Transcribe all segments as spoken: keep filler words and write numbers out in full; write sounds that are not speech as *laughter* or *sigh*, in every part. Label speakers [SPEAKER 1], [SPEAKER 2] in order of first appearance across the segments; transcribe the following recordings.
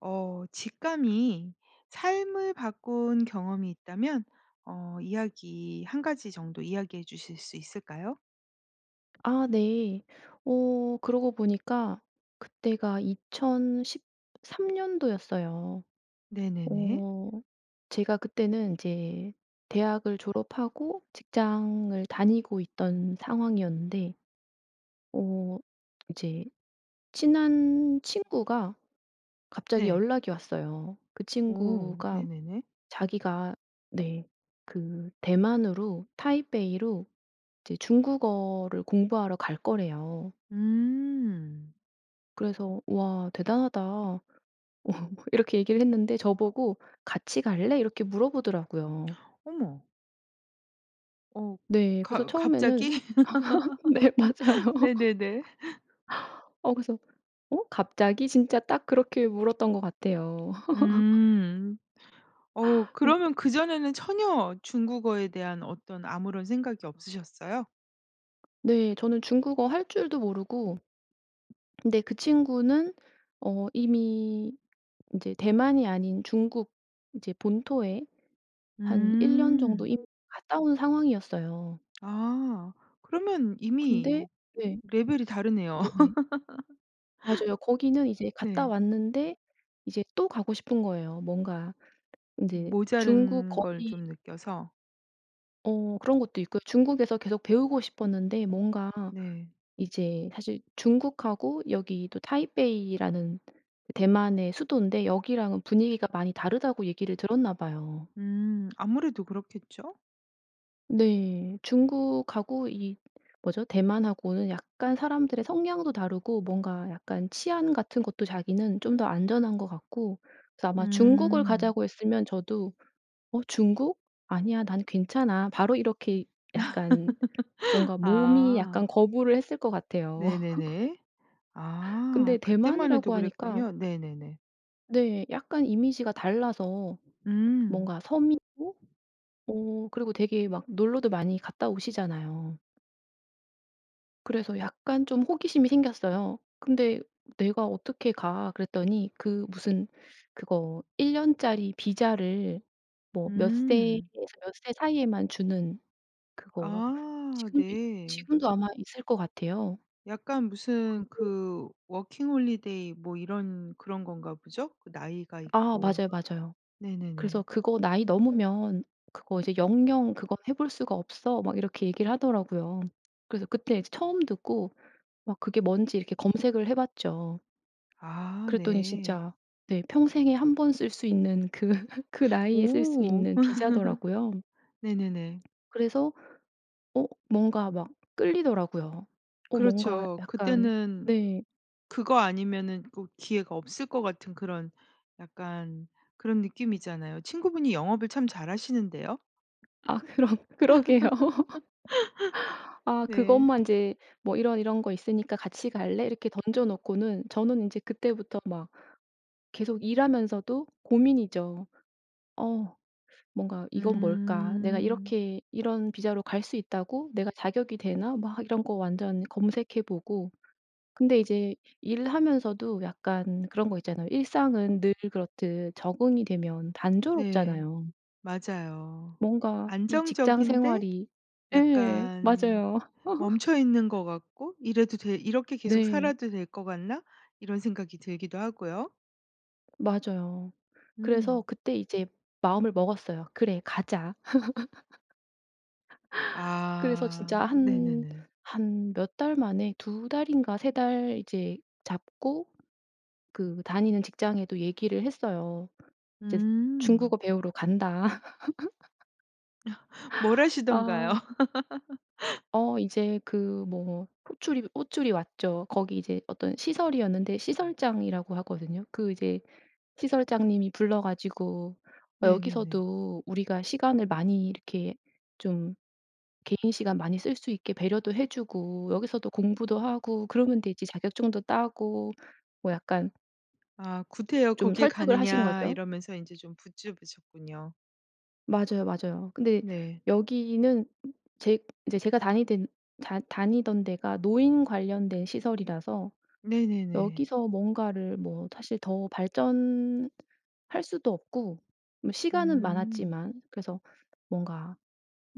[SPEAKER 1] 어 직감이 삶을 바꾼 경험이 있다면 어 이야기 한 가지 정도 이야기해 주실 수 있을까요?
[SPEAKER 2] 아 네. 어 그러고 보니까 그때가 이천십삼 년도였어요.
[SPEAKER 1] 네네네.
[SPEAKER 2] 어 제가 그때는 이제 대학을 졸업하고 직장을 다니고 있던 상황이었는데 어 이제 친한 친구가 갑자기
[SPEAKER 1] 네.
[SPEAKER 2] 연락이 왔어요. 그
[SPEAKER 1] 오.
[SPEAKER 2] 친구가
[SPEAKER 1] 네네네.
[SPEAKER 2] 자기가 네 그 대만으로 타이베이로 이제 중국어를 공부하러 갈 거래요.
[SPEAKER 1] 음.
[SPEAKER 2] 그래서 "우와 대단하다." *laughs* 이렇게 얘기를 했는데 저보고 "같이 갈래?" 이렇게 물어보더라고요.
[SPEAKER 1] *gasps* 어머. 어.
[SPEAKER 2] 네. 그래서
[SPEAKER 1] 가
[SPEAKER 2] 처음에는
[SPEAKER 1] 갑자기?
[SPEAKER 2] *laughs* 네. 맞아요.
[SPEAKER 1] *laughs* 네네네. *laughs*
[SPEAKER 2] *laughs* 어 그래서 "어 갑자기?" 진짜 딱 그렇게 물었던 것 같아요. *laughs*
[SPEAKER 1] 음. 어.
[SPEAKER 2] 흠.
[SPEAKER 1] 그러면 그전에는 전혀 중국어에 대한 어떤 아무런 생각이 없으셨어요?
[SPEAKER 2] 네. 저는 중국어 할 줄도 모르고 근데 그 친구는 어 이미 인제 대만이 아닌 중국 인제 본토에 한 일 년 정도
[SPEAKER 1] 음.
[SPEAKER 2] 이미 갔다 온 상황이었어요.
[SPEAKER 1] 아 그러면
[SPEAKER 2] 근데
[SPEAKER 1] 이미
[SPEAKER 2] 네.
[SPEAKER 1] 레벨이 다르네요.
[SPEAKER 2] 네네. 맞아요. 거기는
[SPEAKER 1] *laughs*
[SPEAKER 2] 이제 갔다
[SPEAKER 1] 네.
[SPEAKER 2] 왔는데 이제 또 가고 싶은 거예요. 뭔가 인제 중국
[SPEAKER 1] 모자란 걸
[SPEAKER 2] 거기
[SPEAKER 1] 좀 느껴서.
[SPEAKER 2] 어 그런 것도 있고요. 중국에서 계속 배우고 싶었는데 뭔가
[SPEAKER 1] 네.
[SPEAKER 2] 이제 사실 중국하고 여기도 타이베이라는 대만의 수도인데 여기랑은 분위기가 많이 다르다고 얘기를 들었나 봐요.
[SPEAKER 1] 음 아무래도 그렇겠죠?
[SPEAKER 2] 네. 중국하고 이 뭐죠? 대만 하고는 약간 사람들의 성향도 다르고 뭔가 약간 치안 같은 것도 자기는 좀 더 안전한 것 같고 그래서 아마 중국을
[SPEAKER 1] 음.
[SPEAKER 2] 가자고 했으면 저도 "어 중국? 아니야. 난 괜찮아." 바로 이렇게 약간 뭔가
[SPEAKER 1] *laughs*
[SPEAKER 2] 몸이
[SPEAKER 1] 아.
[SPEAKER 2] 약간 거부를 했을 것 같아요. *laughs*
[SPEAKER 1] 네네네. 아
[SPEAKER 2] 근데
[SPEAKER 1] 그때만 해도
[SPEAKER 2] 대만이라고 하니까
[SPEAKER 1] 그랬군요. 네네네.
[SPEAKER 2] 네 약간 이미지가 달라서
[SPEAKER 1] 음.
[SPEAKER 2] 뭔가 섬이고 어 그리고 되게 막 놀러도 많이 갔다 오시잖아요. 그래서 약간 좀 호기심이 생겼어요. "근데 내가 어떻게 가?" 그랬더니 그 무슨 그거 일 년짜리 비자를 뭐 몇 세에서
[SPEAKER 1] 음.
[SPEAKER 2] 몇 세 사이에만 주는 그거
[SPEAKER 1] 아
[SPEAKER 2] 지금도
[SPEAKER 1] 네.
[SPEAKER 2] 지금도 아마 있을 것 같아요.
[SPEAKER 1] 약간 무슨
[SPEAKER 2] 그게
[SPEAKER 1] 그 워킹 홀리데이 뭐 이런 그런 건가 보죠? 그 나이가
[SPEAKER 2] 아
[SPEAKER 1] 있고.
[SPEAKER 2] 맞아요, 맞아요. 그래서
[SPEAKER 1] 네네네.
[SPEAKER 2] "그거 나이 넘으면 그거 이제 영영 그거 해 볼 수가 없어." 막 이렇게 얘기를 하더라고요. 그래서 그때 처음 듣고 막 그게 뭔지 이렇게 검색을 해 봤죠.
[SPEAKER 1] 아
[SPEAKER 2] 그랬더니
[SPEAKER 1] 네.
[SPEAKER 2] 진짜 네 평생에 한 번 쓸 수 있는 그 *laughs* 그 나이에 쓸 수
[SPEAKER 1] 오.
[SPEAKER 2] 있는
[SPEAKER 1] *laughs*
[SPEAKER 2] 비자더라고요.
[SPEAKER 1] 네네네.
[SPEAKER 2] 그래서 어 뭔가 막 끌리더라고요. 어 뭔가
[SPEAKER 1] 그렇죠.
[SPEAKER 2] 약간
[SPEAKER 1] 그때는
[SPEAKER 2] 네.
[SPEAKER 1] 그거 아니면은 꼭 기회가 없을 것 같은 그런 약간 그런 느낌이잖아요. 친구분이 영업을 참 잘 하시는데요?
[SPEAKER 2] 아 그러 그러게요. *laughs*
[SPEAKER 1] *laughs*
[SPEAKER 2] 아
[SPEAKER 1] 네.
[SPEAKER 2] 그것만 이제 뭐 "이런, 이런 거 있으니까 같이 갈래?" 이렇게 던져놓고는 저는 이제 그때부터 막 계속 일하면서도 고민이죠. 어 뭔가 '이건 뭘까? 내가
[SPEAKER 1] 음.
[SPEAKER 2] 이렇게 이런 비자로 갈 수 있다고? 내가 자격이 되나?' 막 이런 거 완전 검색해 보고 근데 이제 일하면서도 약간 그런 거 있잖아요. 일상은 늘 그렇듯 적응이 되면
[SPEAKER 1] 네.
[SPEAKER 2] 단조롭잖아요.
[SPEAKER 1] 맞아요.
[SPEAKER 2] 뭔가 이 직장
[SPEAKER 1] 안정적인데
[SPEAKER 2] 생활이 예
[SPEAKER 1] 약간
[SPEAKER 2] 맞아요.
[SPEAKER 1] 멈춰 있는
[SPEAKER 2] *laughs*
[SPEAKER 1] 것 같고 '이래도 돼? 이렇게 계속
[SPEAKER 2] 네.
[SPEAKER 1] 살아도 될 것 같나?' 이런 생각이 들기도 하고요.
[SPEAKER 2] 맞아요. 그래서
[SPEAKER 1] 음.
[SPEAKER 2] 그때 이제 마음을 먹었어요. '그래. 가자.' *laughs* 그래서 진짜
[SPEAKER 1] 아.
[SPEAKER 2] 한
[SPEAKER 1] 네네네.
[SPEAKER 2] 한 몇 달 만에 두 달인가 세 달 이제 잡고 그 다니는 직장에도 얘기를 했어요. "이제 중국어
[SPEAKER 1] 음.
[SPEAKER 2] 배우러 간다." *laughs*
[SPEAKER 1] *laughs* 뭐라시던가요?
[SPEAKER 2] 아.
[SPEAKER 1] *laughs*
[SPEAKER 2] 어. 이제 그 뭐 호출이 호출이 왔죠. 거기 이제 어떤 시설이었는데 시설장이라고 하거든요. 그 이제 시설장님이 불러 가지고
[SPEAKER 1] 네네네.
[SPEAKER 2] "여기서도 우리가 시간을 많이 이렇게 좀 개인 시간 많이 쓸 수 있게 배려도 해 주고 여기서도 공부도 하고 그러면 되지 자격증도 따고." 뭐 약간
[SPEAKER 1] 아. "구태여
[SPEAKER 2] 좀
[SPEAKER 1] 거길
[SPEAKER 2] 설득을 하신
[SPEAKER 1] 가느냐."
[SPEAKER 2] 거죠?
[SPEAKER 1] 이러면서 인제 좀 붙즙으셨군요.
[SPEAKER 2] 맞아요, 맞아요. 근데
[SPEAKER 1] 네.
[SPEAKER 2] 여기는 제 이제 제가 다니덴 다 다니던 데가 노인 관련된 시설이라서
[SPEAKER 1] 네네네.
[SPEAKER 2] 여기서 뭔가를 뭐 사실 더 발전 할 수도 없고 뭐 시간은
[SPEAKER 1] 음.
[SPEAKER 2] 많았지만. 그래서 뭔가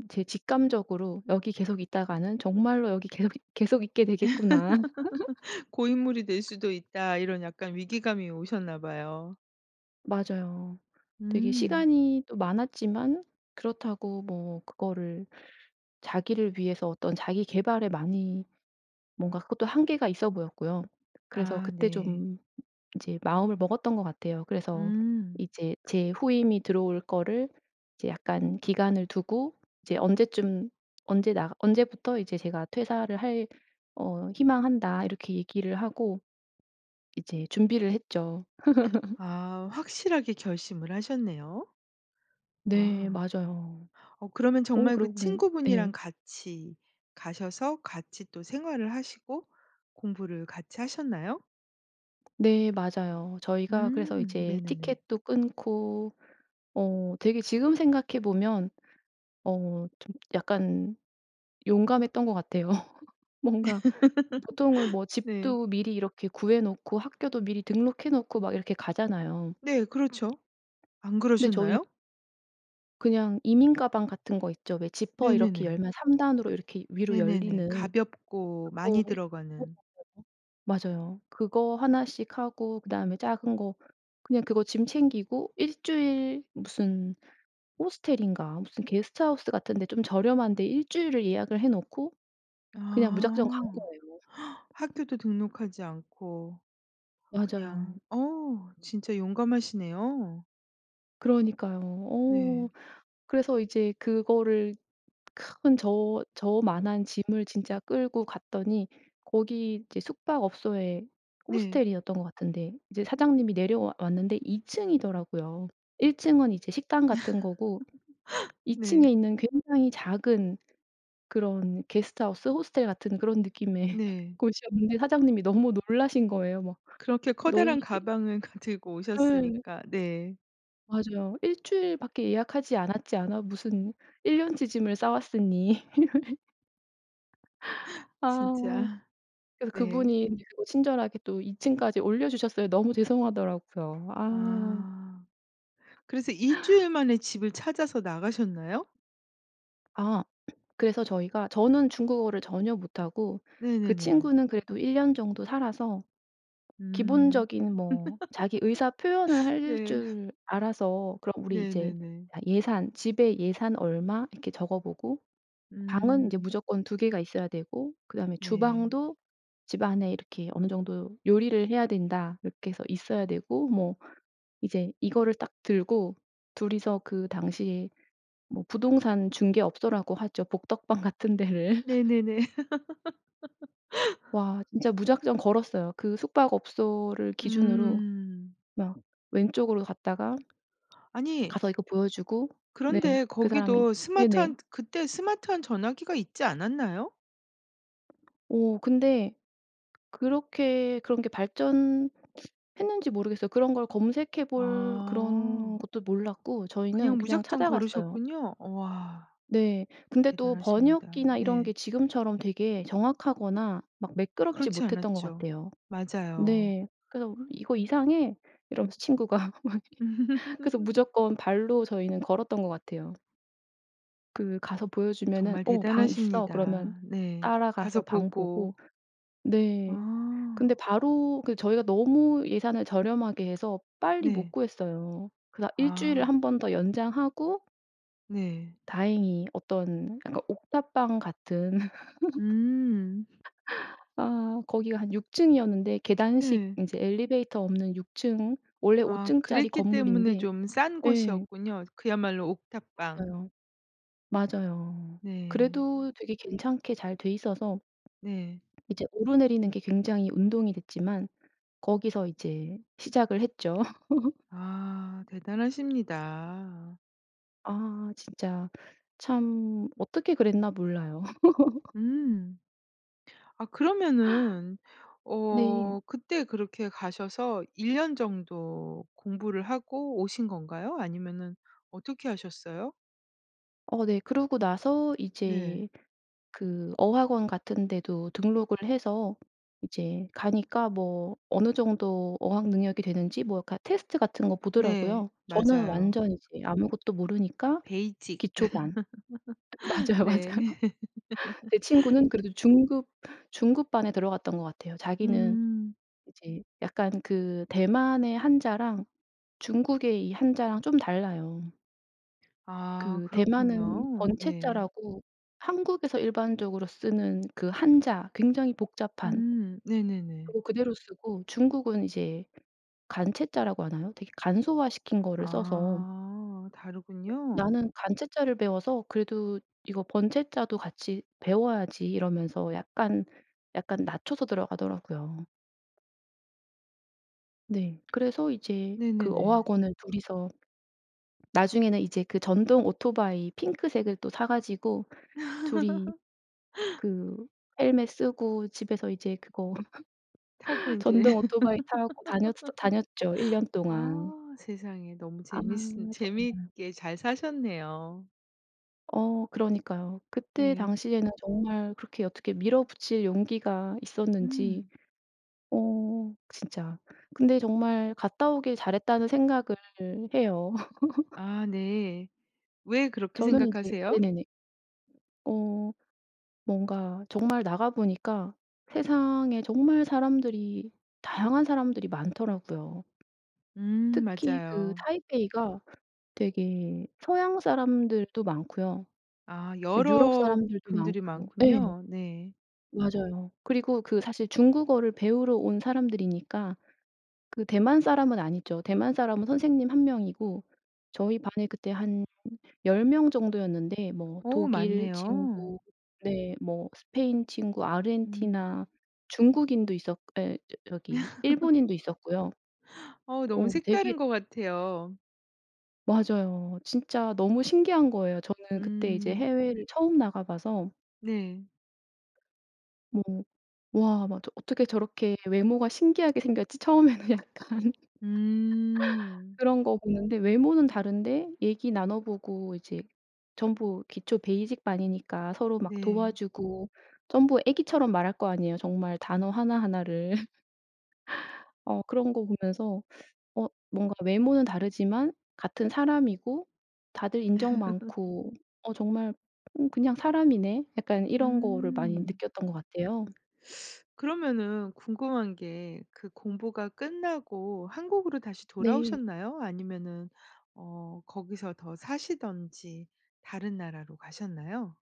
[SPEAKER 2] 제 직감적으로 '여기 계속 있다가는 정말로 여기 계속 계속 있게 되겠구나.'
[SPEAKER 1] *laughs* '고인물이 될
[SPEAKER 2] *laughs*
[SPEAKER 1] 수도 있다.' 이런 약간 위기감이 오셨나 봐요.
[SPEAKER 2] 맞아요. 되게
[SPEAKER 1] 음.
[SPEAKER 2] 시간이 또 많았지만 그렇다고 뭐 그거를 자기를 위해서 어떤 자기 계발에 많이 뭔가 그것도 한계가 있어 보였고요. 그래서
[SPEAKER 1] 아
[SPEAKER 2] 그때
[SPEAKER 1] 네.
[SPEAKER 2] 좀 이제 마음을 먹었던 것 같아요. 그래서
[SPEAKER 1] 음.
[SPEAKER 2] 이제 제 후임이 들어올 거를 이제 약간 기간을 두고 이제 언제쯤 언제 나가 "언제부터 이제 제가 퇴사를 할 어 희망한다." 이렇게 얘기를 하고 이제 준비를 했죠. *laughs*
[SPEAKER 1] 아. 확실하게 결심을 하셨네요.
[SPEAKER 2] 네.
[SPEAKER 1] 아.
[SPEAKER 2] 맞아요.
[SPEAKER 1] 어 그러면
[SPEAKER 2] 어
[SPEAKER 1] 정말 그
[SPEAKER 2] 그러고 보니
[SPEAKER 1] 친구분이랑
[SPEAKER 2] 네.
[SPEAKER 1] 같이 가셔서 같이 또 생활을 하시고 공부를 같이 하셨나요?
[SPEAKER 2] 네. 맞아요. 저희가 그래서
[SPEAKER 1] 음
[SPEAKER 2] 이제
[SPEAKER 1] 네네네.
[SPEAKER 2] 티켓도 끊고 어 되게 지금 생각해보면 어 좀 약간 용감했던 것 같아요. *laughs* 뭔가 보통은 뭐
[SPEAKER 1] *laughs* 네.
[SPEAKER 2] 집도 미리 이렇게 구해놓고 학교도 미리 등록해 놓고 막 이렇게 가잖아요.
[SPEAKER 1] 네. 그렇죠. 안
[SPEAKER 2] 근데 저흰
[SPEAKER 1] 그러셨나요?
[SPEAKER 2] 그냥 이민 가방 같은 거 있죠? 왜 지퍼 이렇게
[SPEAKER 1] 네네네.
[SPEAKER 2] 열면 삼 단으로 이렇게 위로
[SPEAKER 1] 네네네.
[SPEAKER 2] 열리는
[SPEAKER 1] 가볍고
[SPEAKER 2] 그거
[SPEAKER 1] 많이
[SPEAKER 2] 네
[SPEAKER 1] 들어가는.
[SPEAKER 2] 맞아요. 맞아요. 그거 하나 씩 하고 그다음에 작은 거 그냥 그거 짐 챙기고 일 주일 무슨 호스텔인가 무슨 게스트하우스 같은 데 좀 저렴한 데 일 주일을 예약을 해놓고 그냥 무작정 간
[SPEAKER 1] 아
[SPEAKER 2] 거예요.
[SPEAKER 1] *gasps*
[SPEAKER 2] *laughs*
[SPEAKER 1] 학교도 등록하지 않고 그냥
[SPEAKER 2] 맞아요.
[SPEAKER 1] 어 진짜 용감하시네요.
[SPEAKER 2] 그러니까요. 어.
[SPEAKER 1] 네.
[SPEAKER 2] 그래서 이제 그거를 큰 저 저 만한 짐을 진짜 끌고 갔더니 거기 이제 숙박업소에
[SPEAKER 1] 네.
[SPEAKER 2] 호스텔이었던 것 같은데 이제 사장님이 내려와 왔는데 이 층이더라고요. 일 층은 이제 식당 같은 거고
[SPEAKER 1] *laughs*
[SPEAKER 2] 이 층에
[SPEAKER 1] 네.
[SPEAKER 2] 있는 굉장히 작은 그런 게스트하우스, 호스텔 같은 그런 느낌의
[SPEAKER 1] 네.
[SPEAKER 2] 곳이었는데 사장님이 너무 놀라신 거예요. 막
[SPEAKER 1] 그렇게
[SPEAKER 2] "너희
[SPEAKER 1] 커다란
[SPEAKER 2] 일"
[SPEAKER 1] 가방을 그 들고
[SPEAKER 2] 예.
[SPEAKER 1] 오셨으니까. 네.
[SPEAKER 2] 맞아요. "일 주일 밖에 예약하지 않았지 않아?" 무슨 일 년 치 짐을 싸왔으니. *laughs*
[SPEAKER 1] *gasps*
[SPEAKER 2] 아.
[SPEAKER 1] 진짜
[SPEAKER 2] 그래서
[SPEAKER 1] 네.
[SPEAKER 2] 그분이 친절하게 또 이 층까지 올려주셨어요. 너무 죄송하더라고요. 아.
[SPEAKER 1] 아. 그래서 일 주일 만에 집을 찾아서 나가셨나요?
[SPEAKER 2] 아. 그래서 저희가 저는 중국어를 전혀 못하고 그
[SPEAKER 1] 네네네.
[SPEAKER 2] 친구는 그래도 일 년 정도 살아서
[SPEAKER 1] 음.
[SPEAKER 2] 기본적인 뭐 자기 의사 표현은
[SPEAKER 1] *laughs*
[SPEAKER 2] 할
[SPEAKER 1] 네.
[SPEAKER 2] 줄 알아서 그럼 우리 이제
[SPEAKER 1] 네네네.
[SPEAKER 2] 예산 집에 예산 얼마 이렇게 적어보고 방은 이제
[SPEAKER 1] 음.
[SPEAKER 2] 무조건 두 개가 있어야 되고 그다음에
[SPEAKER 1] 네.
[SPEAKER 2] 주방도 집안에 이렇게 "어느 정도 요리를 해야 된다." 이렇게 해서 있어야 되고 뭐 이제 이거를 딱 들고 둘 이서 그 당시에 뭐 부동산 중개업소라고 하죠. 복덕방 같은 데를 *laughs*
[SPEAKER 1] 네네네. *laughs*
[SPEAKER 2] 와. 진짜 무작정 걸었어요. 그 숙박업소를 기준으로
[SPEAKER 1] 음.
[SPEAKER 2] 막 왼쪽으로 갔다가
[SPEAKER 1] 아니
[SPEAKER 2] 가서 이거 보여주고 네.
[SPEAKER 1] 그런데
[SPEAKER 2] 그 사람이
[SPEAKER 1] 거기도
[SPEAKER 2] 네네.
[SPEAKER 1] 스마트한 그때 스마트한 전화기가 있지 않았나요?
[SPEAKER 2] 오. 근데 그렇게 그런 게 발전 했는지 모르겠어요. 그런 걸 검색해볼 그런
[SPEAKER 1] 아.
[SPEAKER 2] 것도 몰랐고
[SPEAKER 1] 그냥
[SPEAKER 2] 저희는 그냥
[SPEAKER 1] 무작정
[SPEAKER 2] 찾아갔어요.
[SPEAKER 1] 걸으셨군요. 우와.
[SPEAKER 2] 네. 근데 또
[SPEAKER 1] 대단하십니다.
[SPEAKER 2] 번역기나 이런 게
[SPEAKER 1] 네.
[SPEAKER 2] 지금처럼 되게 정확하거나 막 매끄럽지
[SPEAKER 1] 그렇지
[SPEAKER 2] 못했던 것
[SPEAKER 1] 않았죠.
[SPEAKER 2] 같아요.
[SPEAKER 1] 맞아요.
[SPEAKER 2] 네. 그래서 "이거 이상해." 이러면서 친구가 막 그래서
[SPEAKER 1] *laughs*
[SPEAKER 2] 무조건 발로 저희는 걸었던 것 같아요. 그 가서 보여주면은
[SPEAKER 1] 정말
[SPEAKER 2] "어 방 있어." 그러면
[SPEAKER 1] 대단하십니다. 네. 가서
[SPEAKER 2] 따라가서 방
[SPEAKER 1] 보고.
[SPEAKER 2] 보고 네 근데
[SPEAKER 1] 아.
[SPEAKER 2] 바로 그 저희가 너무 예산을 저렴하게 해서 빨리 못
[SPEAKER 1] 네.
[SPEAKER 2] 구했어요. 그러다 일 주일을
[SPEAKER 1] 아.
[SPEAKER 2] 한 번 더 연장하고
[SPEAKER 1] 네.
[SPEAKER 2] 다행히 어떤 그러니까 옥탑방 같은
[SPEAKER 1] 음.
[SPEAKER 2] *laughs* 아 거기가 한 육 층이었는데 계단식
[SPEAKER 1] 네.
[SPEAKER 2] 인제 엘리베이터 없는 육 층. 오
[SPEAKER 1] 아
[SPEAKER 2] 층짜리
[SPEAKER 1] 그랬기 때문에
[SPEAKER 2] 건물인데
[SPEAKER 1] 좀 싼
[SPEAKER 2] 예.
[SPEAKER 1] 곳이었군요. 그야말로 옥탑방.
[SPEAKER 2] 맞아요. 맞아요.
[SPEAKER 1] 네.
[SPEAKER 2] 그래도 되게 괜찮게 잘 돼 있어서
[SPEAKER 1] 네.
[SPEAKER 2] *swallows* 이제 오르내리는 게 굉장히 운동이 됐지만 거기서 이제 시작을 했죠. *laughs*
[SPEAKER 1] 아. 대단하십니다.
[SPEAKER 2] 아. 진짜 참 어떻게 그랬나 몰라요. *laughs*
[SPEAKER 1] 음. 아 그러면은
[SPEAKER 2] 네.
[SPEAKER 1] 어 그때 그렇게 가셔서 일 년 정도 공부를 하고 오신 건가요? 아니면은 어떻게 하셨어요?
[SPEAKER 2] 어 네. 그러고 나서
[SPEAKER 1] 네.
[SPEAKER 2] 이제 그 어학원 같은 데도 등록을 해서 이제 가니까 뭐 어느 정도 어학 능력이 되는지 뭐 약간 테스트 같은 거
[SPEAKER 1] 네.
[SPEAKER 2] 보더라구요. 저는
[SPEAKER 1] 맞아요.
[SPEAKER 2] 완전 이제 아무것도 모르니까
[SPEAKER 1] 베이직
[SPEAKER 2] 기초반.
[SPEAKER 1] *laughs*
[SPEAKER 2] 맞아요, 맞아요.
[SPEAKER 1] 네.
[SPEAKER 2] 제
[SPEAKER 1] *laughs*
[SPEAKER 2] 친구는 그래도 중급 중급반에 들어갔던 것 같아요, 자기는.
[SPEAKER 1] 음.
[SPEAKER 2] 이제 약간 그 대만의 한자랑 중국의 이 한자랑 좀 달라요.
[SPEAKER 1] 아
[SPEAKER 2] 그 대만은
[SPEAKER 1] 그렇군요. 네.
[SPEAKER 2] 번체자라고 한국에서 일반적으로 쓰는 그 한자 굉장히 복잡한
[SPEAKER 1] 음. 네네네.
[SPEAKER 2] 그거 그대로 쓰고 중국은 이제 간체자라고 하나요? 되게 간소화 시킨 거를 써서
[SPEAKER 1] 아.
[SPEAKER 2] 네.
[SPEAKER 1] 다르군요.
[SPEAKER 2] '나는 간체자를 배워서 그래도 이거 번체자도 같이 배워야지.' 이러면서 약간 약간 낮춰서 들어가더라구요. 네. 그래서 이제 그
[SPEAKER 1] 네네네.
[SPEAKER 2] 어학원을 둘 이서 나중에는 이제 그 전동 오토바이 핑크색을 또 사 가지고 둘 이
[SPEAKER 1] *laughs*
[SPEAKER 2] 그 헬멧 쓰고 집에서 이제 그거
[SPEAKER 1] 타고
[SPEAKER 2] *laughs*
[SPEAKER 1] 인제
[SPEAKER 2] 전동 오토바이 타고 다녔어 다녔죠. 일 년
[SPEAKER 1] *laughs* 아.
[SPEAKER 2] 동안.
[SPEAKER 1] 세상에 너무
[SPEAKER 2] 아.
[SPEAKER 1] 재미있은
[SPEAKER 2] 정말.
[SPEAKER 1] 재밌게 잘 사셨네요.
[SPEAKER 2] 어. 그러니까요. 그때
[SPEAKER 1] 네.
[SPEAKER 2] 당시에는 정말 그렇게 어떻게 밀어붙일 용기가 있었는지.
[SPEAKER 1] 음.
[SPEAKER 2] 어 진짜. 근데 정말 갔다 오길 잘했다는 생각을 해요. *laughs*
[SPEAKER 1] 아 네. 왜 그렇게
[SPEAKER 2] 저는 이제
[SPEAKER 1] 생각하세요?
[SPEAKER 2] 네네네. 어. 뭔가 정말 나가보니까 세상에 정말 사람들이 다양한 사람들이 많더라고요.
[SPEAKER 1] 음.
[SPEAKER 2] 특히 그
[SPEAKER 1] 맞아요.
[SPEAKER 2] 타이베이가 되게 서양 사람들도 많고요.
[SPEAKER 1] 아
[SPEAKER 2] 그 유럽
[SPEAKER 1] 여러
[SPEAKER 2] 사람들도
[SPEAKER 1] 분들이
[SPEAKER 2] 많고 예.
[SPEAKER 1] 많군요. 네.
[SPEAKER 2] 맞아요. 그리고 그 사실 중국어를 배우러 온 사람들이니까 그 대만 사람은 아니죠. 대만 사람은 선생님 한 명이고 저희 반에 그때 한 열 명 정도였는데 뭐
[SPEAKER 1] 어우.
[SPEAKER 2] 독일
[SPEAKER 1] 많네요.
[SPEAKER 2] 친구 네 뭐 스페인 친구,
[SPEAKER 1] 음.
[SPEAKER 2] 아르헨티나, 중국인도 있었 예 *unintelligible* 저기
[SPEAKER 1] *laughs*
[SPEAKER 2] 일본인도 있었고요.
[SPEAKER 1] 어우 너무
[SPEAKER 2] 어 되게
[SPEAKER 1] 색다른 것 같아요.
[SPEAKER 2] 맞아요. 진짜 너무 신기한 거예요. 저는 그때 이제
[SPEAKER 1] 음.
[SPEAKER 2] 해외를 처음 나가 봐서.
[SPEAKER 1] 네.
[SPEAKER 2] 뭐 와. 맞아. '어떻게 저렇게 외모가 신기하게 생겼지?' 처음에는 약간 *laughs*
[SPEAKER 1] 음.
[SPEAKER 2] 그런 거 보는데 외모는 다른데 얘기 나눠 보고 이제 전부 기초 베이직 반이니까 서로 막
[SPEAKER 1] 네.
[SPEAKER 2] 도와주고 전부 애기처럼 말할 거 아니에요. 정말 단어 하나 하나 를. *laughs* 어 그런 거 보면서 어 뭔가 외모는 다르지만 같은 사람이고 다들 인정
[SPEAKER 1] *laughs*
[SPEAKER 2] 많고 어 정말 '응 그냥 사람이네.' 약간 이런 거를 많이
[SPEAKER 1] 음.
[SPEAKER 2] 느꼈던 같아요.
[SPEAKER 1] 그러면은 궁금한 게 그 공부가 끝나고 한국으로 다시
[SPEAKER 2] 네.
[SPEAKER 1] 돌아오셨나요? 아니면은 어 거기서 더 사시든지 다른 나라로 가셨나요?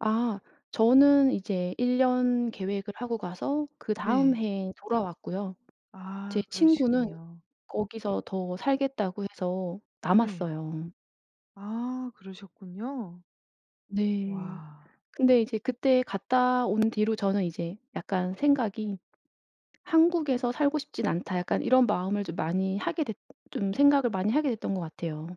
[SPEAKER 2] 아 저는 이제 일 년 계획을 하고 가서 그다음
[SPEAKER 1] 네.
[SPEAKER 2] 해에 돌아왔고요. 제
[SPEAKER 1] 아
[SPEAKER 2] 친구는
[SPEAKER 1] 그러시군요.
[SPEAKER 2] 거기서 더 살겠다고 해서
[SPEAKER 1] 네.
[SPEAKER 2] 남았어요.
[SPEAKER 1] 아 그러셨군요.
[SPEAKER 2] 네.
[SPEAKER 1] 와.
[SPEAKER 2] 근데 이제 그때 갔다 온 뒤로 저는 이제 약간 생각이 '한국에서 살고 싶진 않다.' 약간 이런 마음을 좀 많이 하게 됐 좀 생각을 많이 하게 됐던 것 같아요.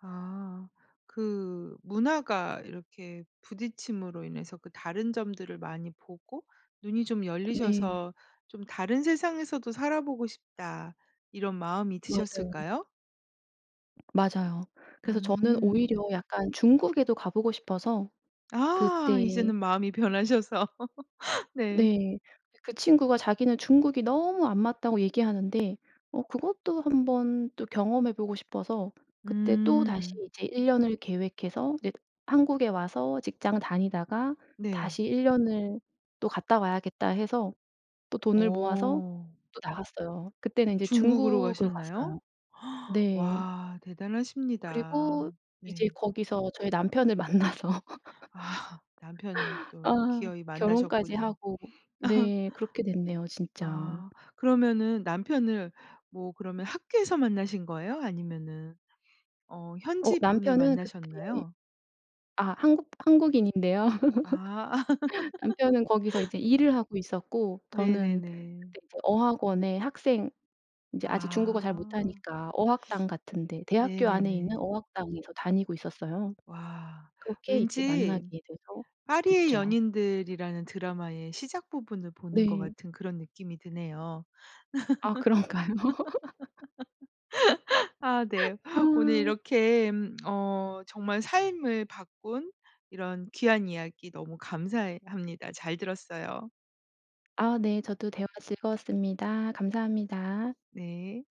[SPEAKER 1] 아 그 문화가 이렇게 부딪힘으로 인해서 그 다른 점들을 많이 보고 눈이 좀
[SPEAKER 2] 네.
[SPEAKER 1] 열리셔서 '좀 다른 세상에서도 살아보고 싶다.' 이런 마음이
[SPEAKER 2] 맞아요.
[SPEAKER 1] 드셨을까요?
[SPEAKER 2] 맞아요. 그래서 저는
[SPEAKER 1] 음.
[SPEAKER 2] 오히려 약간 중국에도 가 보고 싶어서
[SPEAKER 1] 아
[SPEAKER 2] 그때
[SPEAKER 1] 이제는 마음이 변하셔서 *laughs* 네.
[SPEAKER 2] 네. 그 친구가 자기는 "중국이 너무 안 맞다."고 얘기하는데 어 그것도 한번 또 경험해 보고 싶어서 그때 또다시
[SPEAKER 1] 음.
[SPEAKER 2] 이제 일 년을 계획해서 이제 한국에 와서 직장을 다니다가
[SPEAKER 1] 네.
[SPEAKER 2] '다시 일 년을 또 갔다 와야겠다.' 해서 또 돈을 모아서
[SPEAKER 1] 어.
[SPEAKER 2] 또 나갔어요. 그때는 이제
[SPEAKER 1] 중국으로
[SPEAKER 2] 중국으로
[SPEAKER 1] 가셨나요?
[SPEAKER 2] 갔어요.
[SPEAKER 1] *gasps*
[SPEAKER 2] 네.
[SPEAKER 1] 와 대단하십니다.
[SPEAKER 2] 그리고 이제
[SPEAKER 1] 네.
[SPEAKER 2] 거기서 저희 남편을 만나서
[SPEAKER 1] 아 남편을
[SPEAKER 2] *laughs*
[SPEAKER 1] 또
[SPEAKER 2] 아
[SPEAKER 1] 기어이
[SPEAKER 2] 결혼까지
[SPEAKER 1] 만나셨군요.
[SPEAKER 2] 하고.
[SPEAKER 1] *laughs*
[SPEAKER 2] 네. 그렇게 됐네요 진짜.
[SPEAKER 1] 아 그러면은 남편을 뭐 그러면 학교에서 만나신 거예요? 아니면은 어
[SPEAKER 2] 어
[SPEAKER 1] 현지 분을
[SPEAKER 2] 남편은 그때
[SPEAKER 1] 만나셨나요?
[SPEAKER 2] 아 한국 한국인인데요.
[SPEAKER 1] 아.
[SPEAKER 2] *laughs* 남편은 거기서
[SPEAKER 1] *laughs*
[SPEAKER 2] 이제 일을 하고 있었고 저는
[SPEAKER 1] 네네네.
[SPEAKER 2] 그때 이제 어학원에 학생 이제 아직 중국어 잘
[SPEAKER 1] 아.
[SPEAKER 2] 못하니까 어학당 같은 데 대학교 안에 있는
[SPEAKER 1] 네네네.
[SPEAKER 2] 어학당에서 다니고 있었어요.
[SPEAKER 1] 와.
[SPEAKER 2] 그렇게 이제
[SPEAKER 1] 왠지
[SPEAKER 2] 만나게 돼서
[SPEAKER 1] 파리의
[SPEAKER 2] 됐죠.
[SPEAKER 1] 연인들이라는 드라마의 시작 부분을 보는 것
[SPEAKER 2] 네.
[SPEAKER 1] 같은 그런 느낌이 드네요.
[SPEAKER 2] 아 그런가요? *laughs*
[SPEAKER 1] *laughs* 아 네.
[SPEAKER 2] *laughs* 아.
[SPEAKER 1] 오늘 이렇게 음 어 정말 삶을 바꾼 이런 귀한 이야기 너무 감사해합니다. 잘 들었어요.
[SPEAKER 2] 아 네. 저도 대화 즐거웠습니다. 감사합니다.
[SPEAKER 1] 네.